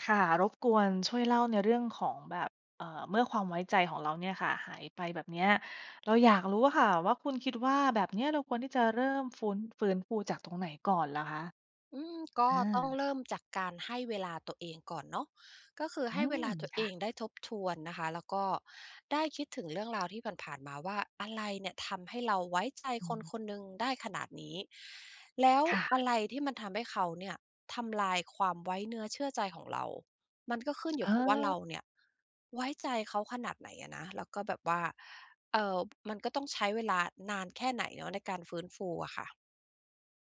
ค่ะ รบกวนช่วยเล่าในเรื่องของแบบ เอ่อ เมื่อความไว้ใจของเราเนี่ยค่ะหายไปแบบเนี้ย เราอยากรู้อะค่ะว่า คุณคิดว่าแบบเนี้ย เราควรที่จะเริ่มฟู้น ฟื้นฟูจากตรงไหนก่อนเหรอคะ? อืม ก็อต้องา เริ่มจากการให้เวลาตัวเองก่อนเนาะ ก็คืออืให้เวม ลาตัวคเอ่ะ งได้ทบทวนนะคะ แล้วก็ได้คิดถึงเรื่องราวที่ผ่าน ๆ มาว่า อะไรเนี่ยทำให้เราไว้ใจอืคนม คนหนึ่งได้ขนาดนี้ แล้วค่ะ อะไรที่มันทำให้เขาเนี่ยทำลายความไว้เนื้อเชื่อใจของเรา มันก็ขึ้นอยเู่กับว่า เรออ าเนี่ยไว้ใจเขาขนาดไหนอะนะ แล้วก็แบบว่า เอ่อ มันก็ต้องใช้เวลานานแค่ไหนเนาะในการฟื้นฟูอะค่ะ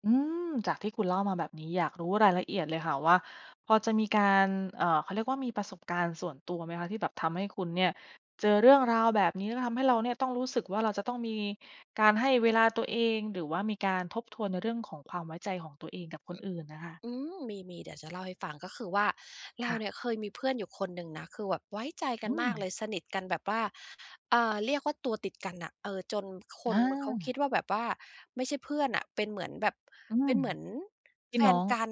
อืม! จากที่คุณเล่ามาแบบนี้ อยากรู้รายละเอียดเลยค่ะว่า พอจะมีการ เอ่อ เขาเรียกว่า มีประสบการณ์ส่วนตัวไหมคะ? ที่แบบทำให้คุณเนี่ยเจอเรื่องราวแบบนี้ แล้วทำให้เราเนี่ยต้องรู้สึกว่า เราจะต้องมีการให้เวลาตัวเอง หรือว่ามีการทบทวนในเรื่องของความไว้ใจของตัวเองกับคนอื่นน่ะค่ะ? อืม! มี ๆ เดี๋ยวจะเล่าให้ฟัง ก็คือว่า เรคา่ะ เนี่ยเคยมีเพื่อนอยู่คนหนึ่งนะ คือแบบไว้ใจกัอนืมากเลม! ย สนิทกันแบบว่า เอ่อ เรียกว่า ตัวติดกันน่ะ เออ จนคอนเขาคา ิดว่าแบบว่าไม่ใช่เพื่อนน่ะ เป็นเหมือนแบบ อืเป็ม นเหมือนพีแ่ฟน้อนง กัน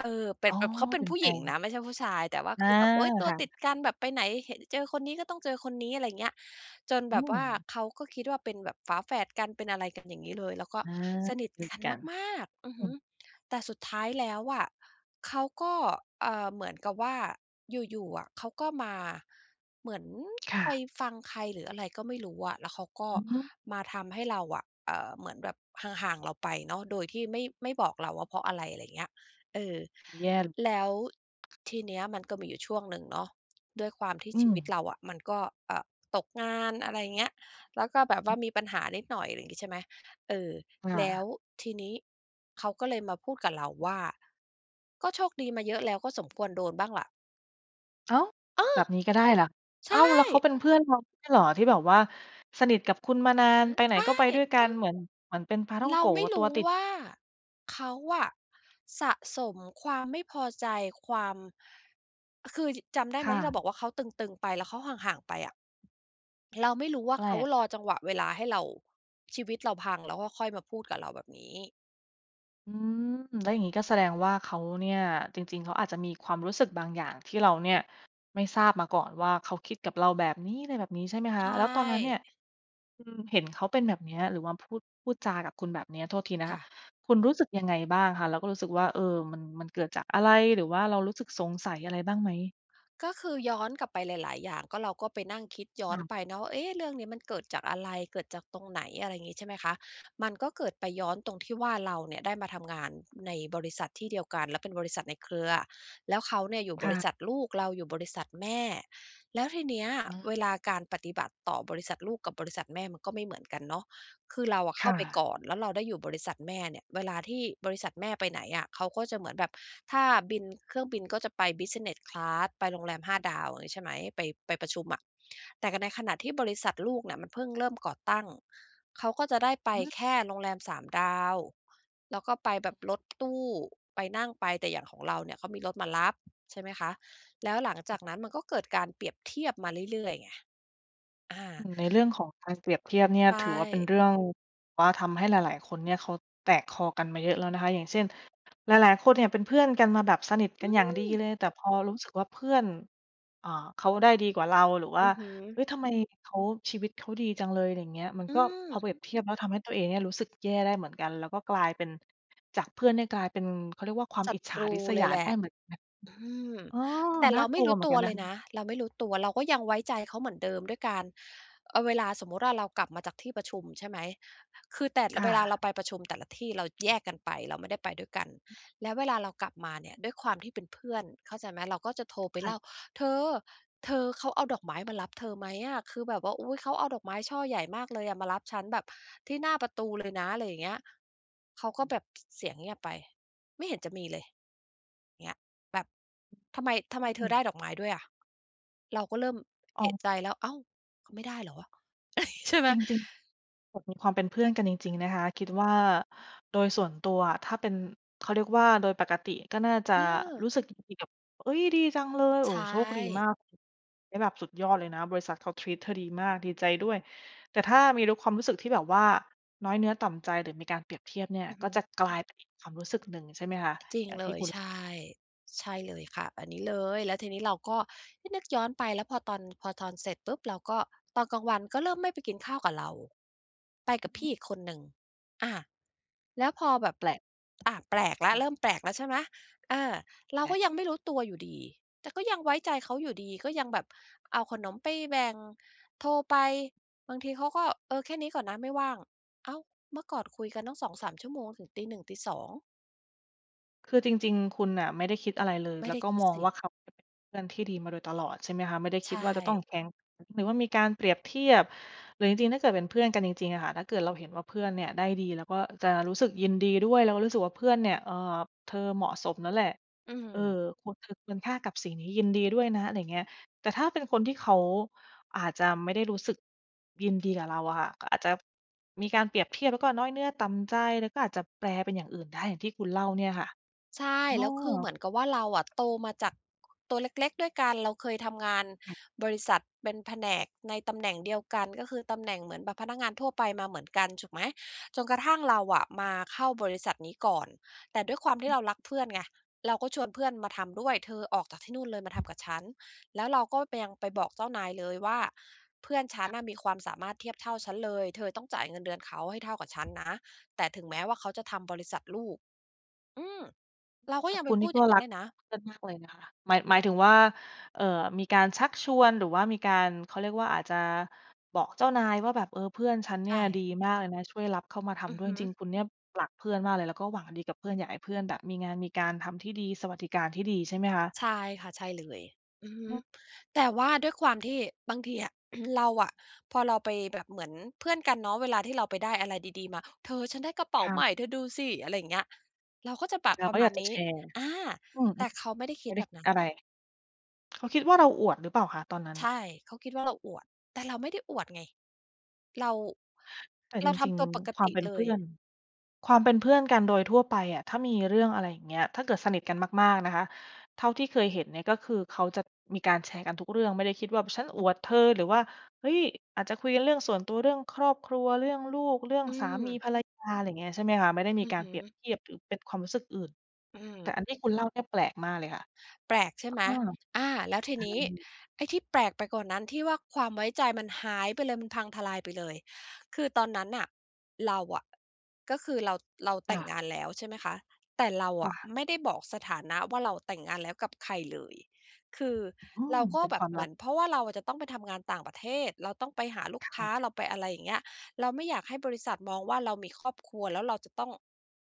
เอิ่บ แต่ อ๋อ แต่เขาเป็เนป็ผนู้แฟหญิงนน ะ ไม่ใช่ผู้ชาย แต่ว่าอคา ือแบบ โอ๊ย! ตัคว่ตะ ิดกันแบบไปไหนเห็น เจอคนนี้ก็ต้องเจอคนนี้ อะไรอย่างเงี้ย จนอแืบบว่าม เขาก็คิดว่าเป็นแบบฝาแฝดกัน เป็นอะไรกัน อย่างงี้เลย แล้วก็อา สนิทด้วยกันกัน มาก ๆ อืออฮืึ ม แต่สุดท้ายแล้วอะเขาก็ เอ่อ เหมือนกับว่า อยู่ ๆ อะเขาก็มา เหมือนค่ไปะ ฟังใครหรืออะไรก็ไม่รู้อะ แล้วเขาก็อือฮึ มาทำให้เราอะ เอ่อ เหมือนแบบห่าง ๆ เราไปเนาะ โดยที่ไม่ ไม่บอกเราว่าเพราะอะไร ไรอย่างเงี้ย เออ แย่ ร แล้วทีเนี้ยมันก็มีอยู่ช่วงหนึ่งเนาะ ด้วยความที่อืชีวิตม เราอะมันก็ เอ่อ ตกงาน อะไรอย่างเงี้ย แล้วก็แบบว่อาือ มีปัญหานิดหน่อย ไรงี้ ใช่ไหม เออ คแ่ล้วะ ทีนี้เขาก็เลยมาพูดกับเราว่า "ก็โชคดีมาเยอะแล้ว ก็สมควรโดนบ้างล่ะ" อ้าว! เอแบอ บนี้ก็ได้เหรอ? ใชอ้าว แล้วเข่ าเป็นเพื่อนเราไม่ใช่เหรอ? ที่แบบว่าสนิทกับคุณมานาเอน อ ไปไหนใชก็ไป่ ด้วยกัน เหมือน เหมือนเป็นปาท่องเรโาก๋ ไม่ตรัูว้ติด ว่า เขาอะสะสมความไม่พอใจ ความ คือ จิ จำได้คไหม่ที่เระ าบอกว่า เขาตึง ๆ ไป แล้วเขาห่าง ๆ ไปอะ เราไม่รู้ว่า แปลเขาก รอจังหวะเวลาให้เรา ชีวิตเราพัง แล้วก็ค่อยมาพูดกับเราแบบนี้ อืม แล้วอย่างงี้ก็แสดงว่าเขาเนี่ย จริง ๆ เขาอาจจะมีความรู้สึกบางอย่าง ที่เราเนี่ยไม่ทราบมาก่อนว่า เขาคิดกับเราแบบนี้ อะไรแบบนี้ใช่ไหมคใชะ? แล้วตอนนั้นเนี่่ ย คุณเห็นเขาเป็นแบบเนี้ย หรือว่าพูด พูดจากับคุณแบบเนี้ย โทษทีนะคค่ะ ะ คุณรู้สึกยังไงบ้างคะ? แล้วก็รู้สึกว่า เออ มัน มันเกิดจากอะไร? หรือว่าเรารู้สึกสงสัยอะไรบ้างไหม? ก็คือย้อนกลับไปหลาย ๆ อย่าง ก็เราก็ไปนั่งคิดย้คอ่นะ ไปเนาะว่า "เอ๊ะ เรื่องนี้มันเกิดจากอะไร เกิดจากตรงไหน?" อะไรอย่างงี้ ใช่ไหมคะ มันก็เกิดไปย้อนตรงที่ว่า เราเนี่ยได้มาทำงานในบริษัทที่เดียวกัน แล้วเป็นบริษัทในเครือ แล้วเขาเนี่ยอยู่คบ่ริะ ษัทลูก เราอยู่บริษัทแม่ แล้วทีเนี้ย อา เวลาการปฏิบัติต่อบริษัทลูกกับบริษัทแม่ มันก็ไม่เหมือนกันเนาะ คือเราอะเคข้่าไปะ ก่อน แล้วเราได้อยู่บริษัทแม่เนี่ย เวลาที่บริษัทแม่ไปไหนอะ เขาก็จะเหมือนแบบ ถ้าบินเครื่องบินก็จะไป Business Class ไปโรงแรม 5 ดาว อย่างงี้ ใช่ไหม ไป ไปประชุมอะ แต่กับในขณะที่บริษัทลูกเนี่ย มันเพิ่งเริ่มก่อตั้ง เขาก็จะได้ไปอืม แค่โรงแรม 3 ดาว แล้วก็ไปแบบรถตู้ไปนั่งไป แต่อย่างของเราเนี่ย เขามีรถมารับ ใช่ไหมคะ แล้วหลังจากนั้น มันก็เกิดการเปรียบเทียบมาเรื่อย ๆ ไง อา อืม ในเรื่องของการเปรียบเทียบเนี่ยใชถือว่าเป็น่ เรื่อง ว่าทำให้หลาย ๆ คนเนี่ย เขาแตกคอกันมาเยอะแล้วนะคะ อย่างเช่น หลาย ๆ คนเนี่ย เป็นเพื่อนกันมาแบบสนิทกอัืนอย่างดีเม! ลย แต่พอรู้สึกว่าเพื่อน อ่า เขาได้ดีกว่าเรา หรือว่อา ือฮึ "เฮ้ย ทำไมเขา ชีวิตเขาดีจังเลย" ไรอย่างเงี้ย มันอืก็ พอเม! ปรียบเทียบแล้ว ทำให้ตัวเองเนี่ยรู้สึกแย่ได้เหมือนกัน แล้วก็กลายเป็น จากเพื่อนเนี่ยกลายเป็น เขาเรียกว่า ความศัอิจฉตารูริษเยลายแหลได้ะ เหมือนกัน อืม อ๋อ แต่นเ่ราาไกม่ลัรวู้เหมือตนักวันนเละคยนะ ะ เราไม่รู้ตัว เราก็ยังไว้ใจเขาเหมือนเดิม ด้วยการ เออ เวลาสมมุติว่า เรากลับมาจากที่ประชุม ใช่ไหม คือ แต่ ล ค่เวลาเระ าไปประชุมแต่ละที่ เราแยกกันไป เราไม่ได้ไปด้วยกัน แล้วเวลาเรากลับมาเนี่ย ด้วยความที่เป็นเพื่อน เข้าใจไหม เราก็จะโทรไปค่เละ ่า "เธอ! เธอ เขาเอาดอกไม้มารับเธอไหมอะ คือแบบว่า อุ๊ย! เขาเอาดอกไม้ช่อใหญ่มากเลยอะ มารับฉันแบบที่หน้าประตูเลยนะ" ไรอย่างเงี้ย เขาก็แบบ พ เสียงเงียบไป "ไม่เห็นจะมีเลย" เงี้ย แบบ "ทำไม ทำไมเอธือม ได้ดอกไม้ด้วยอะ?" เราก็เริ่มอเ้อาว ะใจแล้ว "อ้าว เขาไม่ได้เหรอวะ" ใช่ไหม จริง ๆ [unintelligible] ความเป็นเพื่อนกันจริง ๆ นะคะ คิดว่าโดยส่วนตัวอะ ถ้าเป็น เขาเรียกว่า โดยปกติก็น่าจะเออ รู้สึกดีกับ "เอ๊ย ดีจังเลย โอใช้ โชคดีม่ าก นี่แบบสุดยอดเลยนะ บริษัทเขา treat เธอดีมาก ดีใจด้วย" แต่ถ้ามีลุก ความรู้สึกที่แบบว่า น้อยเนื้อต่ำใจ หรือมีการเปรียบเทียบเนี่ย อือฮก็ึ จะกลายเป็นอีกความรู้สึกหนึ่ง ใช่ไหมคะ? อย่าจงรทิงเลี่ย คุณ ใช่ ใช่เลยค่ะ อันนี้เลย แล้วทีนี้เราก็ น นึกย้อนไป แล้วพอตอน พอตอนเสร็จปุ๊บ เราก็ ตอนกลางวันก็เริ่มไม่ไปกินข้าวกับเรา ไปกอืับอฮพี่ึ อีกคนหนึ่ง อา แล้วพอแบบ แปลก อ่า แปลกแล้คว ่เะ ริ่มแปลกแล้ว ใช่ไหม? เออ เราได้ ก็ยังไม่รู้ตัวอยู่ดี แต่ก็ยังไว้ใจเขาอยู่ดี ก็ยังแบบเอาขนมไปแบ่ง โทรไปบางทีเขาก็ "เออ แค่นี้ก่อนนะไม่ว่าง" อ้าว เมื่อก่อนคุยกันตั้ง 2-3 ชั่วโมง ถึง 01:00-02:00 คือจริง ๆ คุณน่ะ ไม่ได้คิดอะไรเลย ไมแ่ล้ไวด้ก็คิดมองสิ ว่า เขาเป็นเพื่อนที่ดีมาโดยตลอดใช่ไหมคะ? ไม่ได้คใชิดว่าจะต้อ่ งแข่ง หรือว่ามีการเปรียบเทียบ หรือจริง ๆ ถ้าเกิดเป็นเพื่อนกันจริง ๆ อะค่ะ ถ้าเกิดเราเห็นว่า เพื่อนเนี่ยได้ดี เราก็จะรู้สึกยินดีด้วย แล้วก็รู้สึกว่า เพื่อนเนี่ย เอ่อ "เธอเหมาะสมแล้วแหละ อืเออ ม ควร เธอควรค่ากับสิ่งนี้ ยินดีด้วยนะ" ไรเงี้ย แต่ถ้าเป็นคนที่เขาอาจจะไม่ได้รู้สึกยินดีกับเราอะค่ะ ก็อาจจะมีการเปรียบเทียบ แล้วก็น้อยเนื้อต่ำใจ แล้วก็อาจจะแปลเป็นอย่างอื่นได้ อย่างที่คุณเล่าเนี่ยค่ะ ใช่ อ้แล้วคือเหอ มือนกับว่า เราอะโตมาจากตัวเล็ก ๆ ด้วยกัน เราเคยทำงานใช่ บริษัท เป็นแผนกในตำแหน่งเดียวกัน ก็คือตำแหน่งเหมือนแบบพนักงานทั่วไปมาเหมือนกัน ถูก ไหม จนกระทั่งเราอะมาเข้าบริษัทนี้ก่อน แต่ด้วยความทีอ่ือ เรารักเพื่อนไง เราก็ชวนเพื่อนมาทำด้วย "เธอออกจากที่นู่นเลย มา ทำกับฉัน" แล้วเราก็ไป ยังไปบอกเจ้านายเลยว่า "เพื่อนฉคัน่ะ น่ะมีความสามารถเทียบเท่าฉันเลย เธอต้องจ่ายเงินเดือนเขาให้เท่ากับฉันนะ แต่ ถึงแม้ว่าเขาจะทำบริษัทลูก" อืม! เรากแ็ต่ยังคไปุณนพีู่ดกอ็ย่างงีร้ัเกลยนะ เพื่อนมากเลยนะคะ หมาย หมายถึงว่า เอ่อ มีการชักชวน หรือว่ามีการ เขาเรียกว่า อาจจะบอกเจ้านายว่าแบบ "เออ เพื่อนฉันเในชี่ยดี่ มากเลยนะ ช่วยรับเข้ามาทอืำอด้วฮย" ึ จริง ๆ คุณเนี่ยรักเพื่อนมากเลย แล้วก็หวังดีกับเพื่อน อยากให้เพื่อนแบบมีงานมีการทำที่ดี สวัสดิการที่ดีใช่ไหมคะ? ใช่ค่ะ ใช่เลย อือฮึ อืม แต่ว่าด้วยความที่ บางทีอะ เราอะ พอเราไปแบบ เหมือนเพื่อนกันเนาะ เวลาที่เราไปได้อะไรดี ๆ มา "เธอ ฉันได้กระเป๋คา่ใหมะ ่ เธอดูสิ" อะไรอย่างเงี้ย เราก็จะแบบเราปรก็ะมอายาณกจะนีแ้ ชร์ อา! อืม แต่เขาไม่ได้คไิม่ดไดแ้บคบินดั้น อะไร เขาคิดว่า เราอวดหรือเปล่าคะตอนนั้น? ใช่ เขาคิดว่า เราอวด แต่เราไม่ได้อวดไง เรา แต่เจราทริง ำตัวปกๆ ควาตมิเป็นเลเพย ื่อน ความเป็นเพื่อนกันโดยทั่วไปอะ ถ้ามีเรื่องอะไรอย่างเงี้ย ถ้าเกิดสนิทกันมาก ๆ นะคะ เท่าที่เคยเห็นเนี่ย ก็คือเขาจะมีการแชร์กันทุกเรื่อง ไม่ได้คิดว่า เพราะฉันอวดเธอ หรือว่า เฮ้ย อาจจะคุยกันเรื่องส่วนตัว เรื่องครอบครัว เรื่องลูก เรื่องอืสามีม ภรรยา ไรเงี้ย ใช่ไหมคะ ไม่ได้มีอือกาฮรเปรียบึ เทียบ หรือเป็นความรู้สึกอื่น อืแต่ม อันที่คุณเล่าเนี่ยแปลกมากเลยค่ะ แปลกใชเ่อไหม? อ อา แล้วทีอืนี้ ม ไอ้ที่แปลกไปกว่านั้น ที่ว่าความไว้ใจมันหายไปเลย มันพังทลายไปเลย คือตอนนั้นน่ะ เราอะ ก็คือเรา เราคแต่่งะ งานแล้ว ใช่ไหมคะ แต่เราจอ้ะะ ไม่ได้บอกสถานะว่า เราอะแต่งงานแล้วกับใครเลย คืออืเม รากเ็ป็นแบควบามเหลมัืบ อน เพราะว่าเราจะต้องไปทำงานต่างประเทศ เราต้องไปหาลูคกค่้ะ า เราไปอะไรอย่างเงี้ย เราไม่อยากให้บริษัทมองว่า เรามีครอบครัวแล้วเราจะต้อง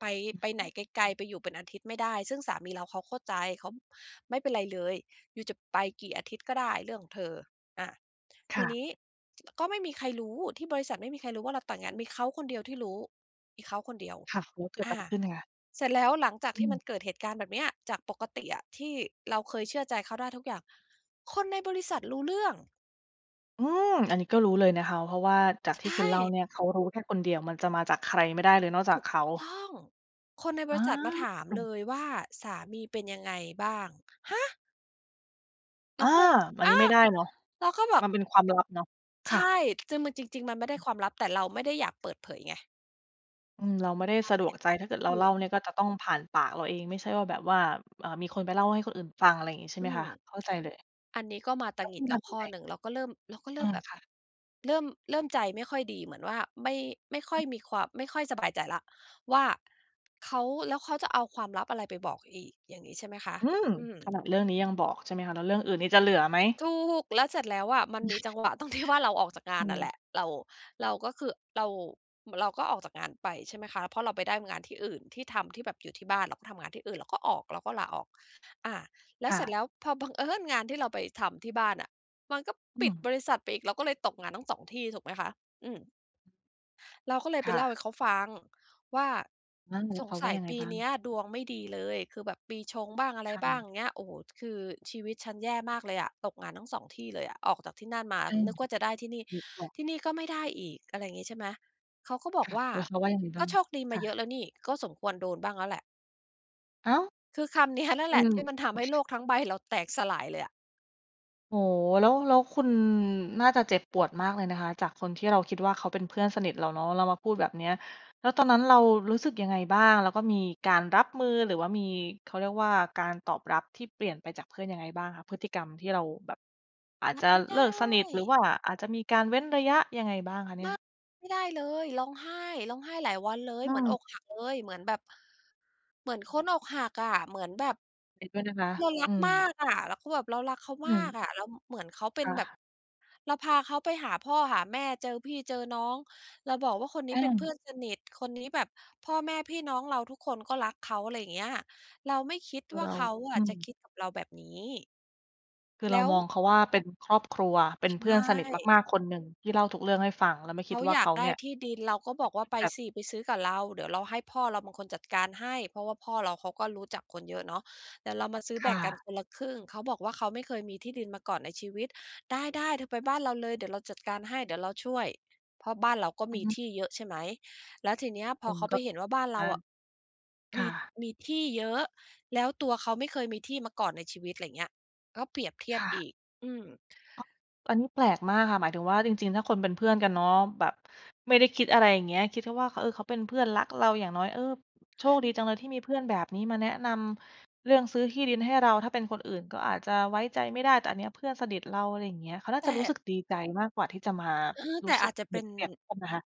ไป อือไปฮไหนึ ไกล ๆ ไปอยู่เป็นอาทิตย์ไม่ได้ ซึ่งสามีเรา เขาเข้าใจ เขาไม่เป็นไรเลย "ยูจะไปกี่อาทิตย์ก็ได้เรื่องของเธอ" อา คท่ีะ นี้ ก็ไม่มีใครรู้ ที่บริษัทไม่มีใครรู้ว่าเราแต่งงาน มีเขาคนเดียวที่รู้ มีเขาคนเดียว ค่ะ แล้วเกิดออะา ไรขึ้นคะ? เสร็จแล้วหลังจากอที่ืมันม เกิดเหตุการณ์แบบเนี้ย จากปกติอะที่เราเคยเชื่อใจเขาได้ทุกอย่าง คนในบริษัทรู้เรื่อง! อืม! อันนี้ก็รู้เลยนะคะ เพราะว่าจากใชที่คุณเล่า่ เนี่ย เขารู้แค่คนเดียว มันจะมาจากใครไม่ได้เลยนอกจาถกูเกขา ต้อง คนในบอริษัทมาถามเา ลยว่า "สามีเป็นยังไงบ้าง?" ฮะ! เอรา! าก็เลย อันอนา! ี้ไม่ได้เนาะ เราก็แบมบ ันเป็นความลับเนาะ คใช่ะ ่ คือ มัน จริง ๆ มันไม่ได้ความลับ แต่เราไม่ได้อยากเปิดเผยไง อืม เราไม่ได้ใช่ สะดวกใจ ถ้าเกิดถเราูเล่าก เนี่ยก็จะต้องผ่านปากเราเอง ไม่ใช่ว่าแบบว่า อ่า มีคนไปเล่าให้คนอื่นฟัง อะไรงี้ ใช่อไหมืคม ะ เข้าใจเลย อันนี้ก็มาตแล้วงคิุดณแลท้วำยขั้งอไง? หนึ่ง เราก็เริ่ม เราก็เรอิื่มม แบบ ค่ะ เริ่ม เริ่มใจไม่ค่อยดี เหมือนว่าไม่ ไม่ค่ออือ ยมีควา ไม่ค่อยสบายใจแล้วว่า เขา แล้วเขาจะเอาความลับอะไรไปบอกอีก? อย่างงี้ ใช่ไหมคะ อืม! อืม ขนาดเรื่องนี้ยังบอก ใช่ไหมคะ แล้วเรื่องอื่นนี่จะเหลือไหม! ถูก! แล้วเสร็จแล้วอะมันมีจังหวะตรง ที่ ว่า เราออกจากงอาืนน่ะแหลม ะ เรา เราก็คือ เรา อ เราก็ออกจากงานไปใช่ไหมคะ เพราะเราไปได้งานที่อื่น ที่ทำที่แบบอยู่ที่บ้าน เราก็ทำงานที่อื่น เราก็ออก เราก็ลาออก อา แล้วค่เสร็จะ แล้วพอ บังเอิญงานที่เราไปทำที่บ้านน่ะ มันก็อืปิดม บริษัทไปอีก เราก็เลยตกงานทั้ง 2 ที่ถูกไหมคะ อืม เราก็เลยไปค่เล่าะ ให้เขาฟังว่า อา แล้"สวเขงาสว่ัายยังไงปีบ้าเง? นี้ยดวงไม่ดีเลย คือแบบปีชงบ้างอะไใรคบ้าง ร? เงี้ย โอ้โฮ คือชีวิตฉันแย่มากเลยอะ ตกงานทั้ง 2 ที่เลยอะ ออกจากที่นั่นมา อืม นึกว่าจะได้ที่นี่ นึกออก ที่นี่ก็ไม่ได้อีก" อะไรอย่างงี้ ใช่ไหม เขาก็บคอก่ะ ว่า แล้วเขาว่ายังไง"กบ้็าง? โชคดีมคา่เยอะ ะแล้วนี่ ก็สมควรโดนบ้างแล้วแหละ" อ้าว? คือคำเนี้ยนั่นอแืหละ ทม ี่มันทำให้โลกทั้งใบเราแตกสลายเลยอะ โอ้โฮ! แล้ว แล้วคุณน่าจะเจ็บปวดมากเลยนะคะ จากคนที่เราคิดว่า เขาเป็นเพื่อนสนิทเราเนาะ แล้วมาพูดแบบเนี้ย แล้วตอนนั้นเรารู้สึกยังไงบ้าง? แล้วก็มีการรับมือ หรือว่ามี เขาเรียกว่า การตอบรับที่เปลี่ยนไปจากเพื่อนยังไงบ้างคะ? พฤติกรรมที่เราแบบ อาจรัจะบไม่ไดเลิกสนิท หรือ้! ว่าอาจจะมีการเว้นระยะยังไงบ้างคะเนีม่าย? ก ไม่ได้เลย ร้องไห้ ร้องไห้หลายวันเลย อืเหมือนม อกหักเลย เหมือนแบบ เหมือนคนอกหักอะ เหมือนแบบ เห็นด้วยนะคะ เรารัอืกมาม กอะ แล้วก็แบบเรารักเขาอืมาม กอะ แล้วเหมือนเขาเป็นค่แบบ ะ เราพาเขาไปหาพ่อหาแม่ เจอพี่เจอน้อง เราบอกว่า "คนนแีอ้๊เป็นเพื่ม อนสนิท คนนี้แบบ" พ่อแม่พี่น้องเราทุกคนก็รักเขา ไรอย่างเงี้ย เราไม่คิดคืวอ่า เรเา ขาออะืจะม คิดกับเราแบบนี้ คือแเลรา้ว มองเขาว่า เป็นครอบครัว เป็ในชเพื่อนสนิท่ มาก ๆ คนหนึ่ง ที่เล่าทุกเรื่องให้ฟัง แล้วไม่คเขิดาว่าอยาเขกาไดเ้นี่ย ที่ดิน เราก็บจะอกว่คา ิด"ไปแบบ สิ ไปซื้อกับเรา เดี่ยวเราให้พ่อเราเป็นคนจัดการให้" เพราะว่าพ่อเราเขาก็รู้จักคนเยอะเนาะ "เดี่ยวเรามาซื้อคแบ่่งกันะ คนละครึ่ง" เขาบอกว่า "เขาไม่เคยมีที่ดินมาก่อนในชีวิต" "ได้ ๆ เธอไปบ้านเราเลย เดี๋ยวเราจัดการให้ เดี่ยวเราช่วย" เพราะบ้านเราก็อมืีอฮึ ที่เยอะ ใช่ไหม แล้วทีเนี้ยพมอันเขาไกป็ เห็นว่า บ้านเรอาา อะ คม่ี ะ มีที่เยอะ แล้วตัวเขาไม่เคยมีที่มาก่อนในชีวิต ไรอย่างเงี้ย ก็เปรียบเทีคยบ่อะ ีก อืม อ๊อก อันนี้แปลกมากค่ะ หมายถึงว่า จริง ๆ ถ้าคนเป็นเพื่อนกันเนาะ แบบไม่ได้คิดอะไร อย่างเงี้ย คิดแค่ว่า "ข เออ เขาเป็นเพื่อนรักเรา อย่างน้อย เออ โชคดีจังเลยที่มีเพื่อนแบบนี้มาแนะนำเรื่องซื้อที่ดินให้เรา ถ้าเป็นคนอื่นก็อาจจะไว้ใจไม่ได้ แต่อันเนี้ยเพื่อนสนิทเรา" ไรอย่างเงี้ย เขาน่าแตจะรู้ส่ ึกดีใจมากกว่าที่จะมาเออ รแูต้่สอึกาจจะเปเรปีย็บน เทียบกันนะคะ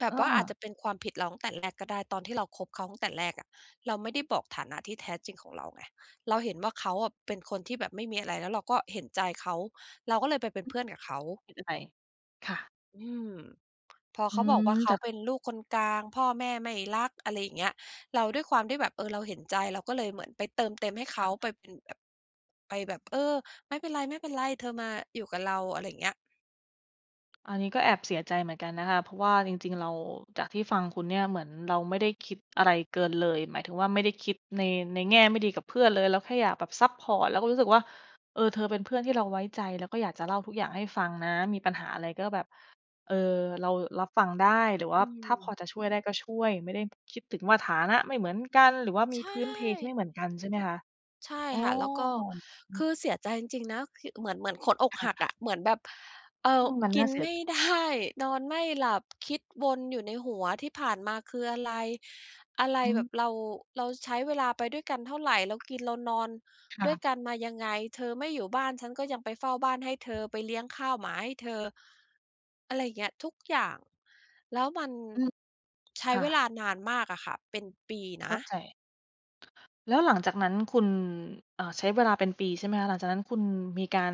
แบเอบอ ว่าอาจจะเป็นความผิดเราตั้งแต่แรกก็ได้ ตอนที่เราคบเขาตั้งแต่แรกอะ เราไม่ได้บอกฐานะที่แท้จริงของเราไง เราเห็นว่า เขาอะเป็นคนที่แบบไม่มีอะไร แล้วเราก็เห็นใจเขา เราก็เลยไปเป็นอืเพอ ื่อนกับเขา คิดอะไร ค่ะ อืม พออเืขาบอกว่ม า "เขจาาก เป็นลูกคนกลาง พ่อแม่ไม่รัก" อะไรอย่างเงี้ย เราด้วยความที่แบบ เออ เราเห็นใจ เราก็เลยเหมือนไปเติมเต็มให้เขอา า ไปเป็นแบบ ไปแบบ "เออ ไม่เป็นไร ๆ เธอมาอยู่กับเรา" อะไรอย่างเงี้ย อันนี้ก็แอบเสียใจเหมือนกันนะคะ เพราะว่าจริง ๆ เรา จากที่ฟังคุณเนี่ย เหมือนเราไม่ได้คิดอะไรเกินเลย หมายถึงว่า ไม่ได้คิดใน ในแง่ไม่ดีกับเพื่อนเลย เราแค่อยากแบบซัปพอร์ต แล้วก็รู้สึกว่า เออ เธอเป็นเพื่อนที่เราไว้ใจ แล้วก็อยากจะเล่าทุกอย่างให้ฟังนะ มีปัญหาอะไรก็แบบ เออ เรารับฟังได้ หรือวอ่าืถ้าพอม จะช่วยได้ก็ช่วย ไม่ได้คิดถึงว่าฐานะไม่เหมือนกัน หรือว่ามีใชพื้นเพที่ ่ไม่เหมือนกันใช่ไหมคะ? ใช่อ๋อ ค่ะ แล้วก็ อืคือ อเสียใจจริง ๆ นะ คิ เหมือน เหมือนคนอกค่หะ ักอะ เหมือนแบบ เอ่อือ ม มันกนิ่านเสีไยม่ ใจ ได้ นอนไม่หลับ คิดวนอยู่ในหัว ที่ผ่านมาคืออะไร อะไรอืแบม บ เรา เราใช้เวลาไปด้วยกันเท่าไร เรากินเรานอนคด่้ะ วยกันมายังไง เธอไม่อยู่บ้าน ฉันก็ยังไปเฝ้าบ้านให้เธอ ไปเลี้ยงข้าวหมาให้เธอ อะไรอย่างเงี้ย ทุกอย่าง แล้วมัน อือ ใช้ค่เวะ ลานานมากอะค่ะ เป็นปีเขน้าะ ใจ แล้วหลังจากนั้นคุณ อ่า ใช้เวลาเป็นปีใช่ไหมคะ? หลังจากนั้นคุณมีการ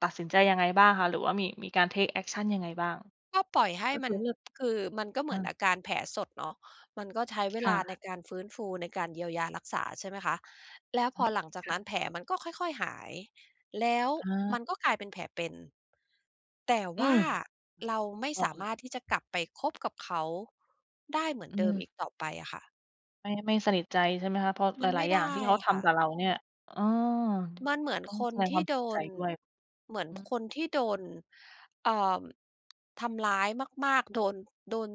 ตัดสินใจยังไงบ้างคะ? หรือว่ามี มีการ เทกแอกชัน ยังไงบ้าง? ก็ปล่อยให้ก็คมัือน เลือก คือมันก็เหอมืา อนอาการแผลสดเนาะ มันก็ใช้เวคล่ะ าในการฟื้นฟู ในการเยียวยารักษา ใช่ไหมคะ แล้วอพือม หลังจากค่นัะ ้นแผลมันก็ค่อย ๆ หาย แล้วอมา ันก็กลายเป็นแผลเป็น แต่อืว่าม เราไม่อสอกาเลมย ารถที่จะกลับไปคบกับเขาได้เหมืออนืเดิมอีม กต่อไปอะค่ะ ไม่ ไม่สนิทใจใช่ไหมคะ? เพราะมหลันไมา่ย ๆ อไย่ดาง้ที่เขาอะทค่ะ ำกับเราเนี่ย เออ มันเหมือนต้องคแสนดงทควี่ามเโสดียใจน ด้วย เหมือนอือ คนที่โดน เอ่อ ทำร้ายมาก ๆ โดน โดน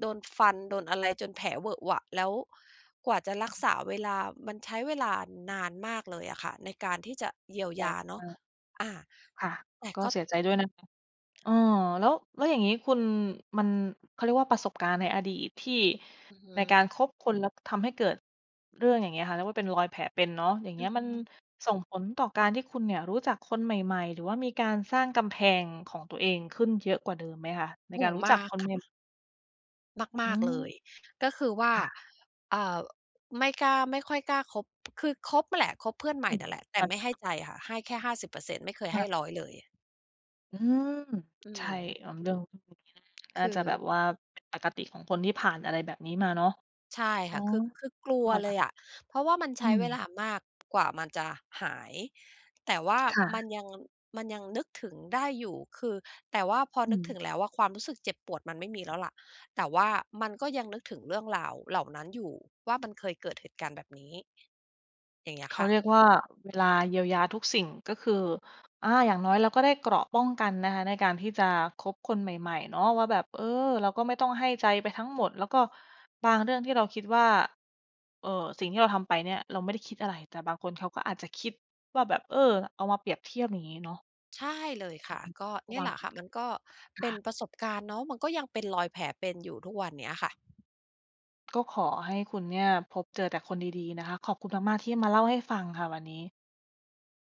โดนฟันโดนอะไร จนแผลเหวอะหวะ แล้วกว่าจะรัอา กษาเวลา มันใช้เวลานานมากเลยอะค่ะ ในการที่จะเยียวใจยาเนามะ าก อา ค่ะ แต่ก็ก็ เสียใจด้วยนะคะ เออ แล้ว แล้วอย่างงี้คุณ มัน เขาเรียกว่า ประสบการณ์ในอดีตที่ อือฮึ ในการคบคนแล้วทำให้เกิดเรื่องอย่างเงี้ยค่ะ เรียกว่า เป็นรอยแผลเป็นเนาะ อย่างเองีื้อย ฮมันึ ส่งผลต่อการที่คุณเนี่ยรู้จักคนใหม่ ๆ หรือว่ามีการสร้างกำแพงของตัวเองขึ้นเยอะกว่าเดิมไหมคะ? ในโอก้ารโฮ! รู้มจาักกคนคเ่นะ ็ม มอืาก ๆ ม เลย ก็คือว่า ค่ะ อ่า ไม่กล้า ไม่ค่อยกล้าคบ คือคบอะแหละ คบเพื่อนใหมอื่ม นั่นแหละ แตท่ัน ไม่ให้ใจค่ะ ให้แค่ 50% ไม่เคยคใ่ห้ ะ 100 เลย อืม! อืใช่ ม เอาเรื่อง นค่าือ จะแบบว่าเป็นปกติของคนที่ผ่านอะไรแบบนี้มาเนาะ ใช่อค๋อ ่ะ คือ คือกลักว็ เคล่ะ ยอะ เพราะว่ามันใอืช้เวม ลามาก กว่ามันจะหาย แต่ว่าค่มัะ นยัง มันยังนึกถึงได้อยู่ คือ แต่ว่าพออนึืกถม ึงแล้วว่า ความรู้สึกเจ็บปวดมันไม่มีแล้วล่ะ แต่ว่ามันก็ยังนึกถึงเรื่องราวเหล่านั้นอยู่ว่า มันเคยเกิดเหตุการณ์แบบนี้ อย่างเงี้ยเขคา่เะ รียกว่า เวลาเยียวยาทุกสิ่ง ก็คือ อา อย่างน้อยเราก็ได้เกราะป้องกันนะคะ ในการที่จะคบคนใหม่ ๆ เนาะว่าแบบ เออ เราก็ไม่ต้องให้ใจไปทั้งหมด แล้วก็บางเรื่องที่เราคิดว่า เอ่อ สิ่งที่เราทำไปเนี่ย เราไม่ได้คิดอะไร แต่บางคนเขาก็อาจจะคิดว่าแบบ เออ เอามาเปรียบเทียบ อย่างงี้เนาะ ใช่เลยค่ะ ก็รเนะี่วยัแหง ละค่ะ มันก็คเป็่นะ ประสบการณ์เนาะ มันก็ยังเป็นรอยแผลเป็นอยู่ทุกวันเนี้ยค่ะ ก็ขอให้คุณเนี่ย พบเจอแต่คนดี ๆ นะคะ ขอบคุณมาก ๆ ที่มาเล่าให้ฟังค่ะวันนี้